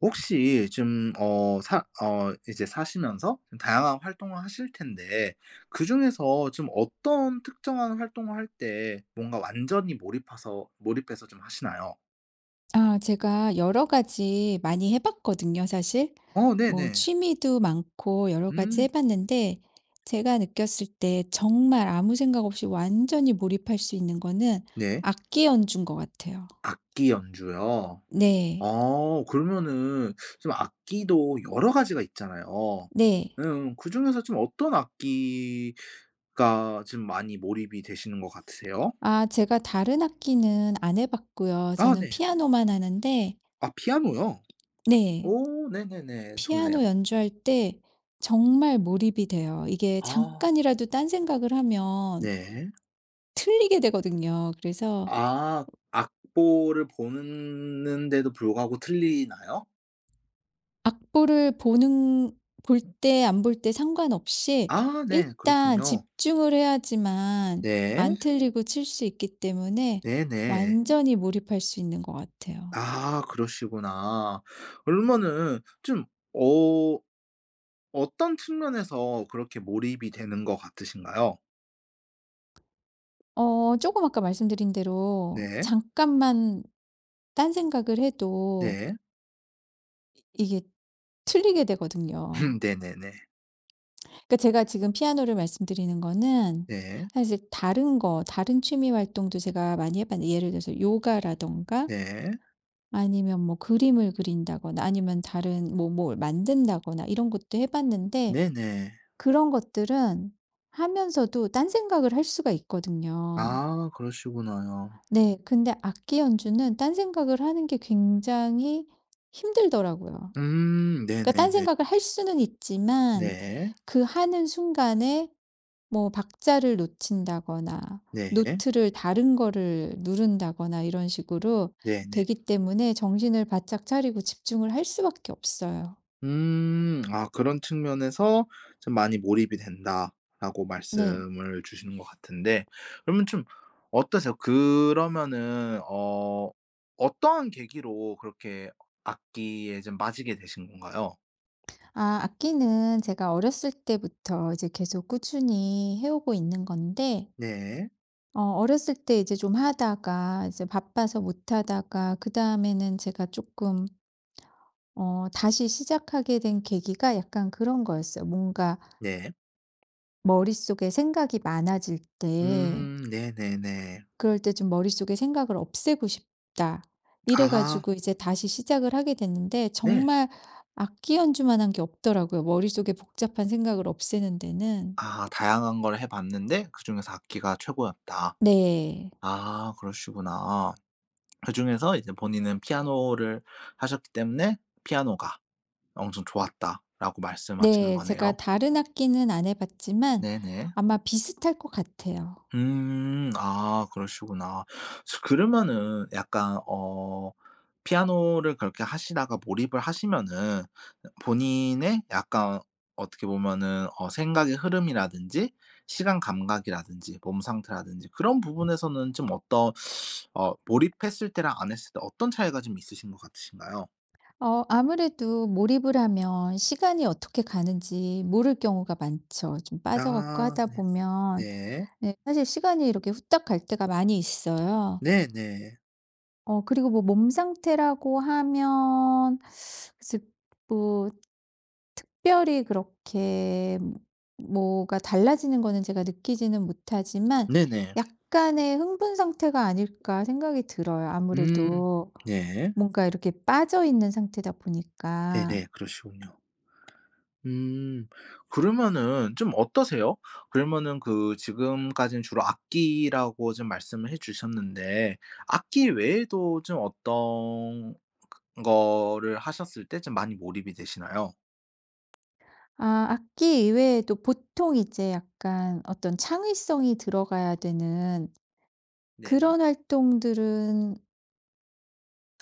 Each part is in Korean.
혹시 지금 어 사 어 이제 사시면서 좀 다양한 활동을 하실텐데 그 중에서 좀 어떤 특정한 활동을 할 때 뭔가 완전히 몰입하서 몰입해서 좀 하시나요? 아 제가 여러 가지 많이 해 봤거든요 사실. 어 뭐 네네. 취미도 많고 여러 가지 음. 해봤는데 제가 느꼈을 때 정말 아무 생각 없이 완전히 몰입할 수 있는 거는 네. 악기 연주인 것 같아요. 악기 연주요. 네. 어 그러면은 좀 악기도 여러 가지가 있잖아요. 네. 음 그 중에서 좀 어떤 악기가 좀 많이 몰입이 되시는 것 같으세요? 아 제가 다른 악기는 안 해 봤고요. 아 저는 네. 피아노만 하는데 아 피아노요. 네. 오 네네네. 좋네요. 피아노 연주할 때 정말 몰입이 돼요. 이게 아. 잠깐이라도 딴 생각을 하면 네. 틀리게 되거든요. 그래서 아 악보를 보는데도 불구하고 틀리나요? 악보를 보는 볼 때 안 볼 때 상관없이 아 네. 일단 그렇군요. 집중을 해야지만 네. 안 틀리고 칠 수 있기 때문에 네네. 완전히 몰입할 수 있는 거 같아요. 아 그러시구나. 그러면은 좀 어 어떤 측면에서 그렇게 몰입이 되는 것 같으신가요? 어 쪼금 아까 말씀드린 대로 네. 잠깐만 딴 생각을 해도 네. 이게 틀리게 되거든요. 음 네네네. 그러니까 제가 지금 피아노를 말씀드리는 거는 네. 사실 다른 거 다른 취미 활동도 제가 많이 해봤는데 예를 들어서 요가라든가 네. 아니면 뭐 그림을 그린다거나 아니면 다른 뭐 뭘 만든다거나 이런 것도 해봤는데 네네. 그런 것들은 하면서도 딴 생각을 할 수가 있거든요. 아 그러시구나요. 네 근데 악기 연주는 딴 생각을 하는 게 굉장히 힘들더라고요. 음 그러니깐 딴 네네네. 생각을 할 수는 있지만 네. 그 하는 순간에 뭐 박자를 놓친다거나 네. 노트를 다른 거를 누른다거나 이런 식으로 네네. 되기 때문에 정신을 바짝 차리고 집중을 할 수밖에 없어요. 음 아 그런 측면에서 좀 많이 몰입이 된다라고 네. 말씀을 주신 것 같은데 그러면 좀 어떠세요? 그러면은 어 어떠한 계기로 그렇게 악기에 좀 빠지게 되신 건가요? 아 악기는 제가 어렸을 때부터 이제 계속 꾸준히 해오고 있는 건데 네. 어 어렸을 때 이제 좀 하다가 이제 바빠서 못하다가 그 다음에는 제가 쪼끔 어 다시 시작하게 된 계기가 약간 그런 거였어요. 뭔가 네. 머릿속에 생각이 많아질 때 음 네네네. 그럴 때 좀 '머릿속에 생각을 없애고 싶다.' 이래 아하. 가지고 이제 다시 시작을 하게 됐는데 네. 정말 악기 연주만 한 게 없더라고요 머릿속의 복잡한 생각을 없애는 데는. 아 다양한 걸 해봤는데 그중에서 악기가 최고였다. 네. 아 그러시구나. 그중에서 이제 본인은 피아노를 하셨기 때문에 피아노가 엄청 좋았다라고 말씀하시는 네 제가 거네요. 다른 악기는 안 해봤지만 네네. 아마 비슷할 것 같아요. 음 아 그러시구나. 저 그러면은 약간 어 피아노를 그렇게 하시다가 몰입을 하시면은 본인의 약간 어떻게 보면은 어 생각의 흐름이라든지 시간 감각이라든지 몸 상태라든지 그런 부분에서는 좀 어떤 어 몰입했을 때랑 안 했을 때 어떤 차이가 좀 있으신 것 같으신가요? 어 아무래도 몰입을 하면 시간이 어떻게 가는지 모를 경우가 많죠. 좀 빠져 갖고 아 하다 네. 보면 네. 네 사실 시간이 이렇게 후딱 갈 때가 많이 있어요. 네네. 어 그리고 뭐 몸 상태라고 하면 글쎄요, 뭐 특별히 그렇게 뭐가 달라지는 거는 제가 느끼지는 못하지만 네네. 약간의 흥분 상태가 아닐까 생각이 들어요. 음. 아무래도 네. 뭔가 이렇게 빠져 있는 상태다 보니까. 네네. 그러시군요. 음 그러면은 좀 어떠세요? 그러면은 그 지금까지는 주로 악기라고 좀 말씀을 해 주셨는데 악기 외에도 좀 어떤 그 거를 하셨을 때 좀 많이 몰입이 되시나요? 아 악기 이외에도 보통 이제 약간 어떤 창의성이 들어가야 되는 네. 그런 활동들은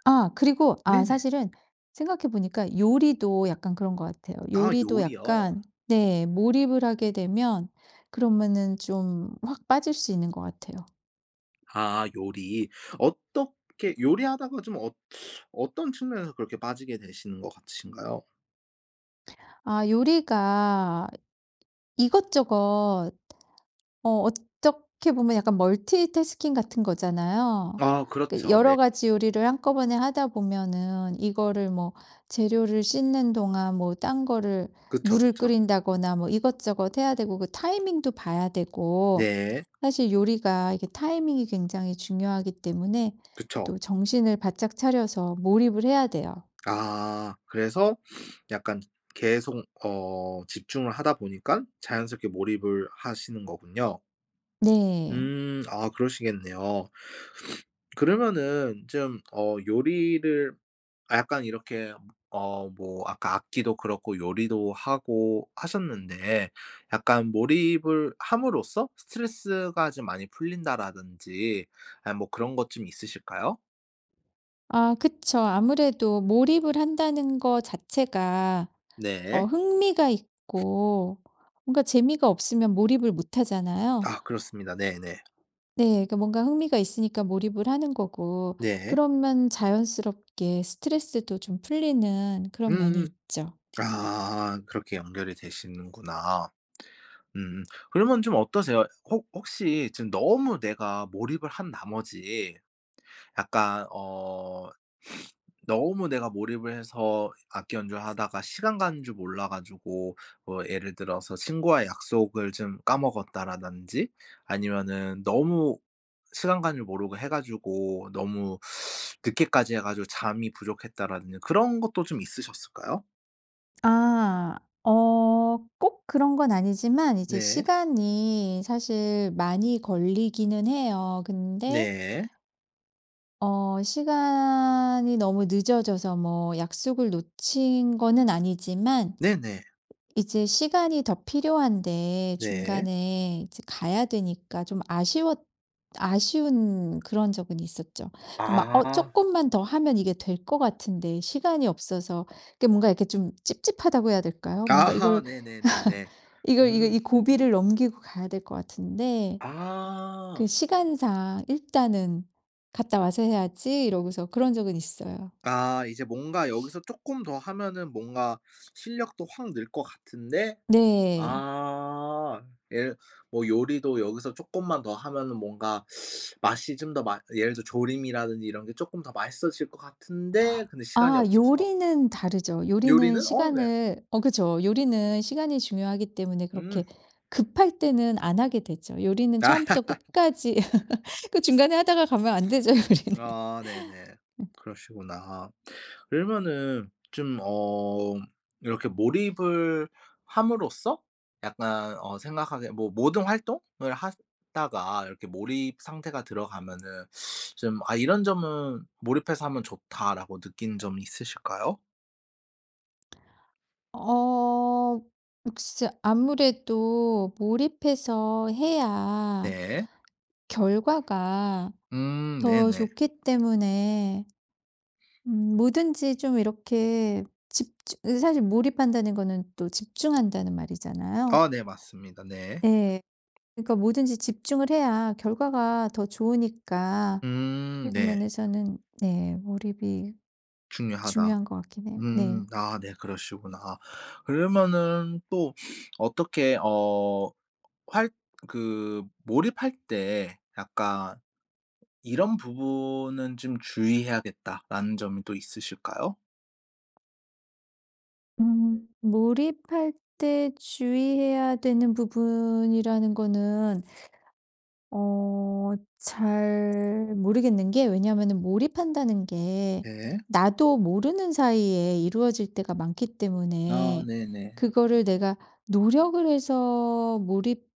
아 그리고 아 네네. 사실은 생각해 보니까 요리도 약간 그런 것 같아요. 아 요리도 요리요? 약간 네 몰입을 하게 되면 그러면은 좀 확 빠질 수 있는 것 같아요. 아 요리. 어떻게 요리하다가 좀 어 어떤 측면에서 그렇게 빠지게 되시는 것 같으신가요? 아 요리가 이것저것 어 어떻게 보면 약간 멀티태스킹 같은 거잖아요. 아 그 그렇죠. 여러 네. 가지 요리를 한꺼번에 하다 보면은 이거를 뭐 재료를 씻는 동안 뭐 딴 거를 그쵸, 물을 그쵸. 끓인다거나 뭐 이것저것 해야 되고 그 타이밍도 봐야 되고 네. 사실 요리가 이게 타이밍이 굉장히 중요하기 때문에 그쵸. 또 정신을 바짝 차려서 몰입을 해야 돼요. 아 그래서 약간 계속 어 집중을 하다 보니깐 자연스럽게 몰입을 하시는 거군요. 네. 음 아 그러시겠네요. 그러면은 쯤 어 요리를 아 약간 이렇게 어 뭐 아까 악기도 그렇고 요리도 하고 하셨는데 약간 몰입을 함으로써 스트레스가 좀 많이 풀린다라든지 아이 뭐 그런 것 좀 있으실까요? 아 그쵸. 아무래도 몰입을 한다는 거 자체가 어 네. 흥미가 있고 뭔가 재미가 없으면 몰입을 못 하잖아요. 아 그렇습니다. 네네. 네 그니까 뭔가 흥미가 있으니까 몰입을 하는 거고 네. 그러면 자연스럽게 스트레스도 좀 풀리는 그런 면이 음음. 있죠. 아 그렇게 연결이 되시는구나. 음 그러면 좀 어떠세요? 혹 혹시 지금 너무 내가 몰입을 한 나머지 약간 어 너무 내가 몰입을 해서 악기 연주하다가 시간 가는 줄 몰라 가지고 뭐 예를 들어서 친구와의 약속을 좀 까먹었다라든지 아니면은 너무 시간 가는 줄 모르고 해 가지고 너무 늦게까지 해 가지고 잠이 부족했다라든지 그런 것도 좀 있으셨을까요? 아 어 꼭 그런 건 아니지만 이제 네. 시간이 사실 많이 걸리기는 해요. 근데 네. 어 시간이 너무 늦어져서 뭐 약속을 놓친 거는 아니지만 네네. 이제 시간이 더 필요한데 네. 중간에 이제 가야 되니까 좀 아쉬웠 아쉬운 그런 적은 있었죠. 그 막 어 아. 쪼끔만 더 하면 이게 될 거 같은데 시간이 없어서 그 뭔가 이렇게 좀 찝찝하다고 해야 될까요? 뭔가 아하. 이걸 네네네네. 이걸 이걸 이 음. 고비를 넘기고 가야 될 것 같은데 그 아. 시간상 일단은 '갔다 와서 해야지.' 이러고서 그런 적은 있어요. 아 이제 뭔가 여기서 쪼끔 더 하면은 뭔가 실력도 확 늘 거 같은데 네. 아. 예 뭐 요리도 여기서 쪼끔만 더 하면은 뭔가 맛이 좀 더 맛 예를 들어 조림이라든지 이런 게 쪼끔 더 맛있어질 거 같은데 근데 시간이 아 없어서 요리는 다르죠. 요리는 요리는 어 네. 시간을 어 그쵸. 요리는 시간이 중요하기 때문에 음. 그렇게 급할 때는 안 하게 되죠. 요리는 처음부터 끝까지 그 중간에 하다가 가면 안 되죠 요리는. 아 네네. 음. 그러시구나. 그러면은 좀 어 이렇게 몰입을 함으로써 약간 어 생각하게 뭐 모든 활동을 하다가 이렇게 몰입 상태가 들어가면은 좀 '아 이런 점은 몰입해서 하면 좋다.'라고 느낀 점 있으실까요? 어 역시 아무래도 몰입해서 해야 네. 결과가 음 더 네네. 좋기 때문에 음 뭐든지 좀 이렇게 집주 으 사실 몰입한다는 거는 또 집중한다는 말이잖아요. 아 네 맞습니다. 네. 예. 그러니까 뭐든지 집중을 해야 결과가 더 좋으니까그런 음 네. 면에서는 네 몰입이 중요하다. 중요한 것 같긴 해 네. 음 아 네 그러시구나. 그러면은 또 어떻게 어 할 그 몰입할 때 약간 '이런 부분은 좀 주의해야겠다.'라는 점도 있으실까요? 음 몰입할 때 주의해야 되는 부분이라는 거는 어 잘 모르겠는 게 왜냐하면은 몰입한다는 게 네. 나도 모르는 사이에 이루어질 때가 많기 아 때문에 네네. 그거를 내가 노력을 해서 몰입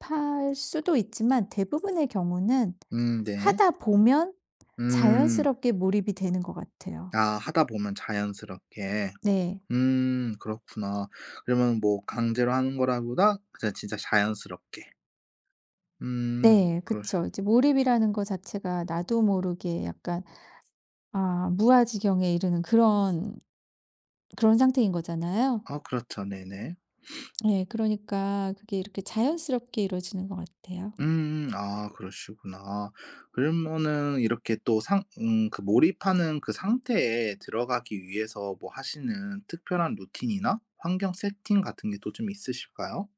할 수도 있지만 대부분의 경우는 음 네. 하다 보면 음. 자연스럽게 몰입이 되는 것 같아요. 아 하다 보면 자연스럽게. 네. 음 그렇구나. 그러면 뭐 강제로 하는 거라기 보다 그냥 진짜 자연스럽게. 음 네 그러시 그쵸. 이제 몰입이라는 것 자체가 나도 모르게 약간 아 무아지경에 이르는 그런, 그런 상태인 거잖아요. 아 그렇죠 네네. 네 그러니까 그게 이렇게 자연스럽게 이루어지는 것 같아요. 음음 아 그러시구나. 아 그러면은 이렇게 또 상 음 그 몰입하는 그 상태에 들어가기 위해서 뭐 하시는 특별한 루틴이나 환경 세팅 같은 게 또 좀 있으실까요?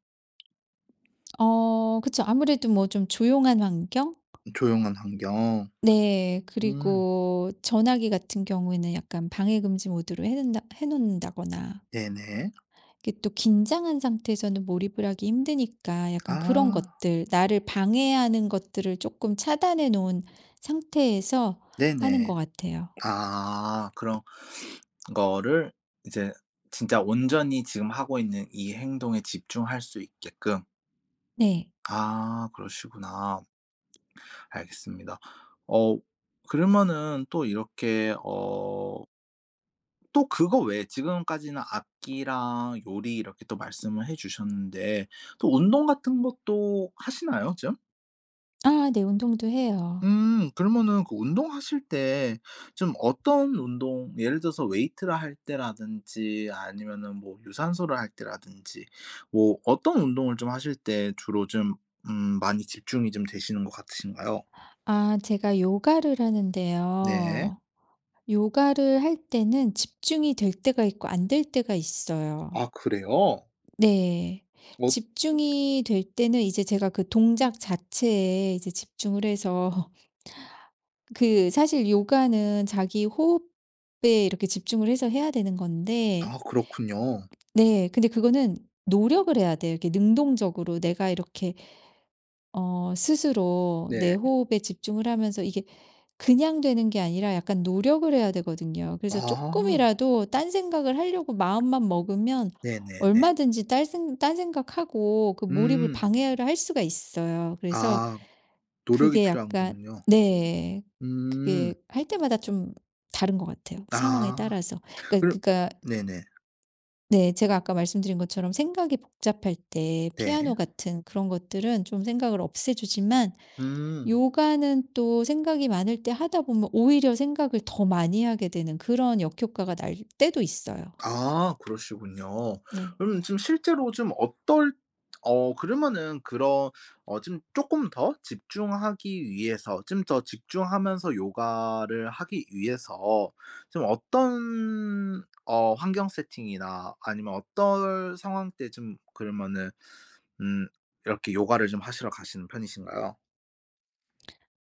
어 그쵸. 아무래도 뭐 좀 조용한 환경? 조용한 환경. 네 음. 그리고 전화기 같은 경우에는 약간 방해금지 모드로 해 놓는다 해 놓는다거나 네네. 이게 또 긴장한 상태에서는 몰입을 하기 힘드니까 약간 그런 아. 것들 나를 방해하는 것들을 쪼끔 차단해 놓은 상태에서 하는 네네. 것 같아요. 아 그럼 그거를 이제 진짜 온전히 지금 하고 있는 이 행동에 집중할 수 있게끔. 네. 아 그러시구나. 알겠습니다. 어 그러면은 또 이렇게 어 또 그거 외에 지금까지는 악기랑 요리 이렇게 또 말씀을 해 주셨는데 또 운동 같은 것도 하시나요 좀? 아 네 운동도 해요. 음. 그러면은 그 운동하실 때 좀 어떤 운동 예를 들어서 웨이트를 할 때라든지 아니면은 뭐 유산소를 할 때라든지 뭐 어떤 운동을 좀 하실 때 주로 좀 음 많이 집중이 좀 되시는 것 같으신가요? 아 제가 요가를 네. 하는데요. 요가를 할 때는 집중이 될 때가 있고 안 될 때가 있어요. 아 그래요? 네. 어 집중이 될 때는 이제 제가 그 동작 자체에 이제 집중을 해서 그 사실 요가는 자기 호흡에 이렇게 집중을 해서 해야 되는 건데 아 그렇군요. 네 근데 그거는 노력을 해야 돼요. 이렇게 능동적으로 내가 이렇게 어 스스로 내 네. 호흡에 집중을 하면서 이게 그냥 되는 게 아니라 약간 노력을 해야 되거든요. 그래서 아. 쪼끔이라도 딴 생각을 하려고 마음만 먹으면 네네네. 얼마든지 딸 생 딴 생각 하고 그 몰입을 음. 방해를 할 수가 있어요. 그래서 아. 노력이 그게 약간 필요하군요. 네. 그게 음. 할 때마다 좀 다른 것 같아요, 상황에 아. 따라서. 그니까 그럼 그니까 네네. 네. 제가 아까 말씀드린 것처럼 생각이 복잡할 때 네. 피아노 같은 그런 것들은 좀 생각을 없애 주지만 음. 요가는 또 생각이 많을 때 하다 보면 오히려 생각을 더 많이 하게 되는 그런 역효과가 날 때도 있어요. 아 그러시군요. 네. 그럼 좀 실제로 좀 어떨 어 그러면은 그런 어 좀 쪼끔 더 집중하기 위해서 좀 더 집중하면서 요가를 하기 위해서 좀 어떤 어 환경 세팅이나 아니면 어떨 상황 때 좀 그러면은 음 이렇게 요가를 좀 하시러 가시는 편이신가요?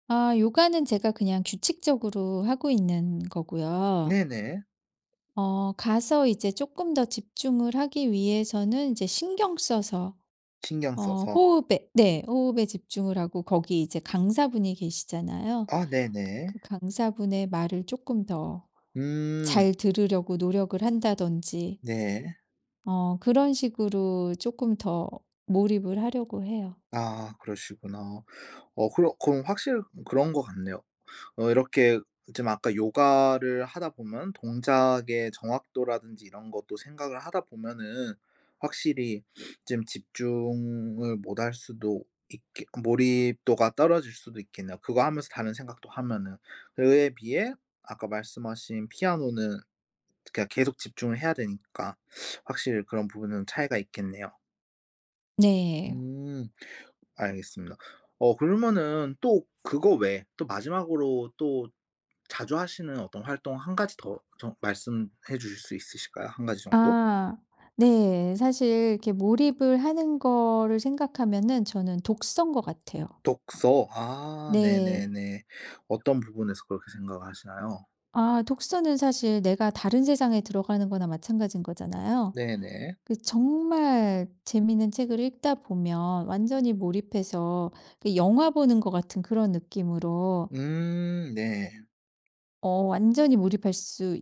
아 요가는 제가 그냥 규칙적으로 하고 있는 거고요. 네네. 어 가서 이제 쪼끔 더 집중을 하기 위해서는 이제 신경 써서 어 신경써서. 호흡에 네 호흡에 집중을 하고 거기 이제 강사분이 계시잖아요. 아 네네. 그 강사분의 말을 쪼끔 더 음. 잘 들으려고 노력을 한다든지 네. 어 그런 식으로 쪼끔 더 몰입을 하려고 해요. 아 그러시구나. 어 그럼 그럼 확실히 그런 것 같네요. 어 이렇게 좀 아까 요가를 하다 보면 동작의 정확도라든지 이런 것도 생각을 하다 보면은 확실히 좀 집중을 못할 수도 있게 몰입도가 떨어질 수도 있겠네요 그거 하면서 다른 생각도 하면은. 그에 비해 아까 말씀하신 피아노는 그냥 계속 집중을 해야 되니까 확실히 그런 부분은 차이가 있겠네요. 네. 음. 알겠습니다. 어 그러면은 또 그거 외에 또 마지막으로 또 자주 하시는 어떤 활동 1 가지 더 좀 말씀해 주실 수 있으실까요 1 가지 정도? 아. 네. 사실 이렇게 몰입을 하는 거를 생각하면은 저는 독서인 것 같아요. 독서. 아 네. 네네네. 어떤 부분에서 그렇게 생각하시나요? 아 독서는 사실 내가 다른 세상에 들어가는 거나 마찬가지인 거잖아요. 네네. 그 정말 재미있는 책을 읽다 보면 완전히 몰입해서 그 영화 보는 것 같은 그런 느낌으로 음 네. 어 완전히 몰입할 수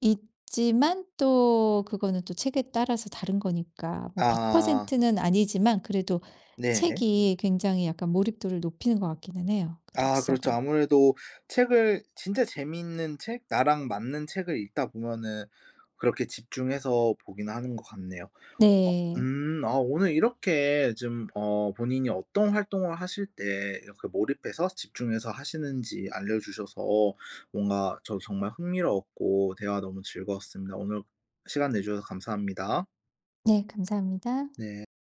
있지만 또 그거는 또 책에 따라서 다른 거니까 뭐 백 아. 퍼센트 는 아니지만 그래도 네. 책이 굉장히 약간 몰입도를 높이는 것 같기는 해요 그 아 그렇죠. 독서가. 아무래도 책을 진짜 재미있는 책 나랑 맞는 책을 읽다 보면은 그렇게 집중해서 보긴 하는 것 같네요. 어 네. 음 아 오늘 이렇게 좀 어 본인이 어떤 활동을 하실 때 그 몰입해서 집중해서 하시는지 알려 주셔서 뭔가 저도 정말 흥미로웠고 대화 너무 즐거웠습니다. 오늘 시간 내 주셔서 감사합니다. 네 감사합니다. 네.